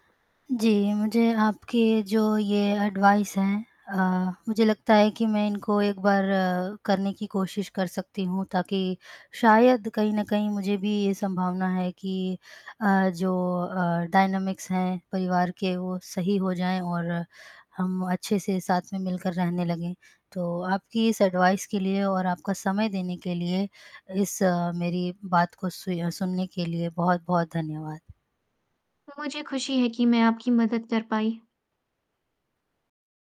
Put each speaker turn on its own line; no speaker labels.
जी, मुझे आपके जो ये एडवाइस है, अ, मुझे लगता है कि मैं इनको एक बार करने की कोशिश कर सकती हूँ, ताकि शायद कहीं न कहीं मुझे भी ये संभावना है कि अ, जो अ, डायनामिक्स हैं परिवार के वो सही हो जाएँ और हम अच्छे से साथ में मिलकर रहने लगें। तो आपकी इस एडवाइस के लिए और आपका समय देने के लिए, इस मेरी बात को सुया सुनने के लिए बहुत-बहुत धन्यवाद।
तो मुझे खुशी है कि मैं आपकी मदद कर पाई।